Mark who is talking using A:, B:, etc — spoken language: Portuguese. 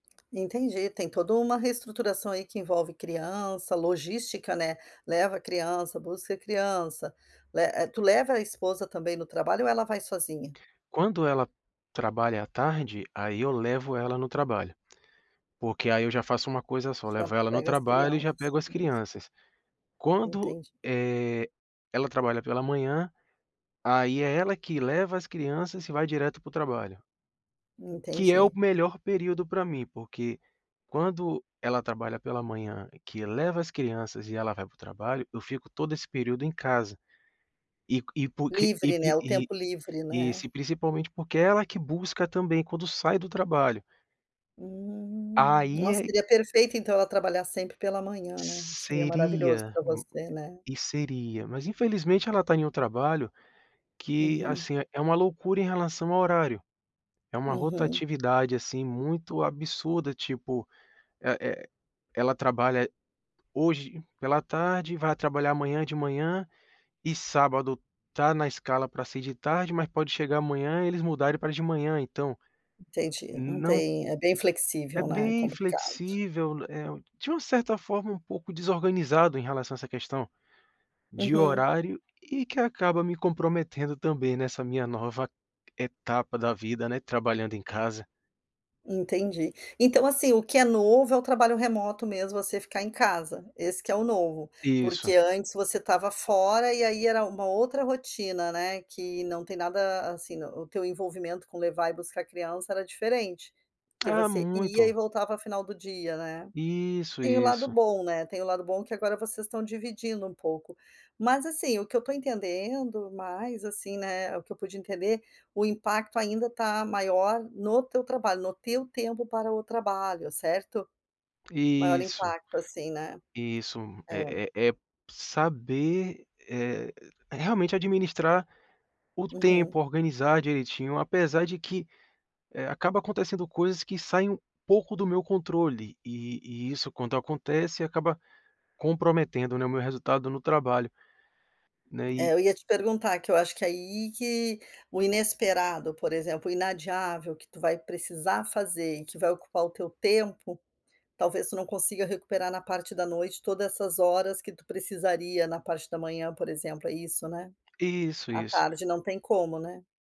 A: Entendi, tem toda uma reestruturação aí, que envolve criança, logística, né, leva criança, busca criança, le eh, tu leva a esposa também no trabalho ou ela vai sozinha?
B: Quando ela trabalha à tarde, aí eu levo ela no trabalho, porque aí eu já faço uma coisa só, levo
A: Já
B: ela no
A: pega as
B: trabalho e já
A: crianças.
B: pego as crianças. Quando,
A: Entendi.
B: eh, ela trabalha pela manhã, aí é ela que leva as crianças e vai direto para o trabalho. Que é o
A: Entendi.
B: melhor período pra mim, porque quando ela trabalha pela manhã, que leva as crianças e ela vai para o trabalho, eu fico todo esse período em casa, e q e porque e
A: Livre, né,
B: pri
A: o
B: e
A: tempo livre,
B: e
A: né.
B: se principalmente porque ela que busca também quando sai do trabalho.
A: Hum.
B: Aí
A: Nossa,
B: é
A: seria perfeito então, ela trabalhar sempre pela manhã, né, seria maravilhoso
B: Seria
A: pra
B: m
A: você, né.
B: e seria, mas infelizmente ela está em um trabalho que,
A: Uhum.
B: assim, é uma loucura em relação ao horário. É uma
A: Uhum.
B: rotatividade, assim, muito absurda, tipo, eh eh, ela trabalha, eh, hoje pela tarde, vai trabalhar amanhã de manhã, e sábado está na escala para ser de tarde, mas pode chegar amanhã e eles mudarem para de manhã, então
A: Entendi, não
B: não
A: tem é bem
B: É
A: flexível, né. É
B: bem
A: complicado.
B: flexível, né, é u de uma certa forma, um pouco desorganizado em relação a essa questão de
A: Uhum.
B: horário e que acaba me comprometendo também, nessa minha nova etapa da vida, né, trabalhando em casa.
A: Entendi. Então, assim, o que é novo é o trabalho remoto mesmo, você ficar em casa, esse que é o novo,
B: Isso.
A: porque antes você estava fora, e aí era uma outra rotina, né, que não tem nada, assim, o teu envolvimento com levar e buscar criança era diferente, porque
B: Ah,
A: você ia e
B: muito.
A: voltava final do dia, né.
B: Isso,
A: Tem o lado
B: isso.
A: bom, né, tem o lado bom que agora vocês estão dividindo um pouco. Mas, assim, o que eu estou entendendo mais, assim, né, o que eu pude entender, o impacto ainda está maior no teu trabalho, no teu tempo para o trabalho, certo? Maior
B: Isso.
A: impacto, assim, né.
B: Isso,
A: É.
B: eh eh eh, saber, eh, realmente administrar o
A: Uhum.
B: tempo, organizar direitinho, apesar de que, eh, acaba acontecendo coisas que saem um pouco do meu controle e e isso quando acontece acaba comprometendo, né, o meu resultado no trabalho. Né, e
A: É, eu ia te perguntar, que eu acho que aí que o inesperado, por exemplo, o inadiável, que tu vai precisar fazer e que vai ocupar o teu tempo, talvez tu não consiga recuperar na parte da noite toda essas horas que tu precisaria na parte da manhã, por exemplo. É isso, né?
B: Isso,
A: À
B: isso.
A: tarde não tem como, né.